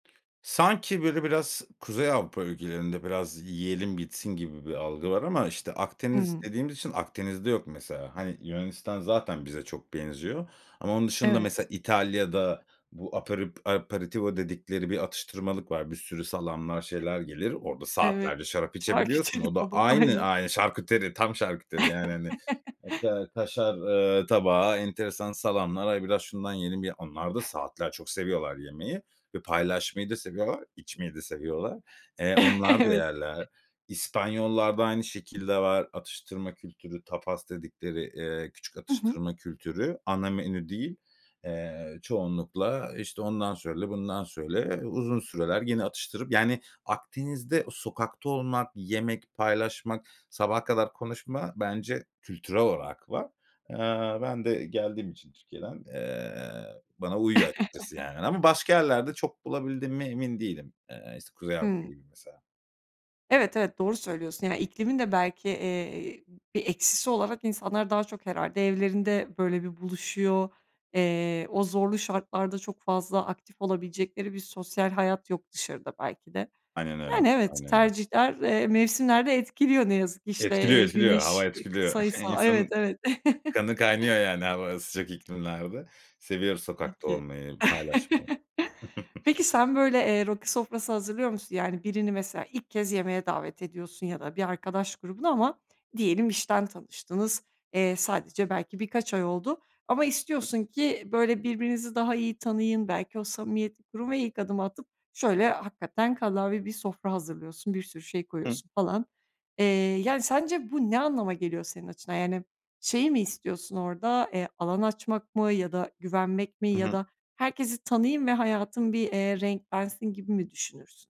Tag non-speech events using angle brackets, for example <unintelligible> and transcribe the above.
Sanki, böyle, biraz Kuzey Avrupa ülkelerinde, biraz yiyelim bitsin gibi bir algı var ama, işte, Akdeniz Hı. dediğimiz için Akdeniz'de yok, mesela. Hani, Yunanistan zaten bize çok benziyor ama onun dışında, Evet. mesela, İtalya'da bu aperet aperitivo dedikleri bir atıştırmalık var. Bir sürü salamlar, şeyler gelir. Orada Evet, saatlerce şarap içebiliyorsun. şarküteri O da tabağı, aynı aynen. ay şarküteri, tam şarküteri, yani, hani, <chuckles> hatta kaşar, ııı, tabağı, enteresan salamlar. Ay, biraz şundan yiyelim ya. Onlar da saatlerce çok seviyorlar yemeyi ve paylaşmayı da seviyorlar, içmeyi de seviyorlar. Eee, onlar da Evet. yerler. İspanyollarda aynı şekilde var atıştırma kültürü, tapas dedikleri, eee, küçük Hı hı. atıştırma kültürü. Ana menü değil. Eee, çoğunlukla, işte, ondan söyle, bundan söyle. E, uzun süreler gene atıştırıp, yani, Akdeniz'de sokakta olmak, yemek paylaşmak, sabaha kadar konuşma bence kültürel olarak var. Eee, ben de geldiğim için Türkiye'den, eee, bana uyuyor açıkçası, yani. Ama başka yerlerde <chuckles> çok bulabildiğime emin değilim. Eee, es Kuzey Avrupa Hı. gibi, mesela. Evet, evet, doğru söylüyorsun. Yani, iklimin de belki, eee, bir eksisi olarak insanlar daha çok herhâlde evlerinde, böyle bir buluşuyor. Eee, o zorlu şartlarda çok fazla aktif olabilecekleri bir sosyal hayat yok dışarıda belki de. Aynen öyle, Yani, evet aynen öyle. tercihler, eee, mevsimler de etkiliyor, ne yazık ki işte, Etkiliyor, eee etkiliyor, hava güneş. etkiliyor. <chuckles> <unintelligible> Evet, İnsanın evet. kanı kaynıyor, <chuckles> yani, hava sıcak iklimlerde. Seviyoruz Tabii sokakta ki. olmayı, paylaşmayı. <chuckles> <giggles> Peki, sen böyle, eee, rakı sofrası hazırlıyor musun? Yani, birini mesela ilk kez yemeğe davet ediyorsun ya da bir arkadaş grubuna ama diyelim işten tanıştınız. Eee, sadece belki birkaç ay oldu ama Hı. istiyorsun ki, böyle, birbirinizi daha iyi tanıyın. Belki o samimiyeti kurup ve ilk adımı atıp şöyle hakikaten kallavi bir sofra hazırlıyorsun, bir sürü şey Hı. koyuyorsun falan. Eee, yani, sence bu ne anlama geliyor senin açından? Yani, şeyi mi istiyorsun orada? Eee, alan açmak mı ya da güvenmek mi? I Ya hı. da herkesi tanıyayım ve hayatım, eee, renklensin gibi mi düşünürsün?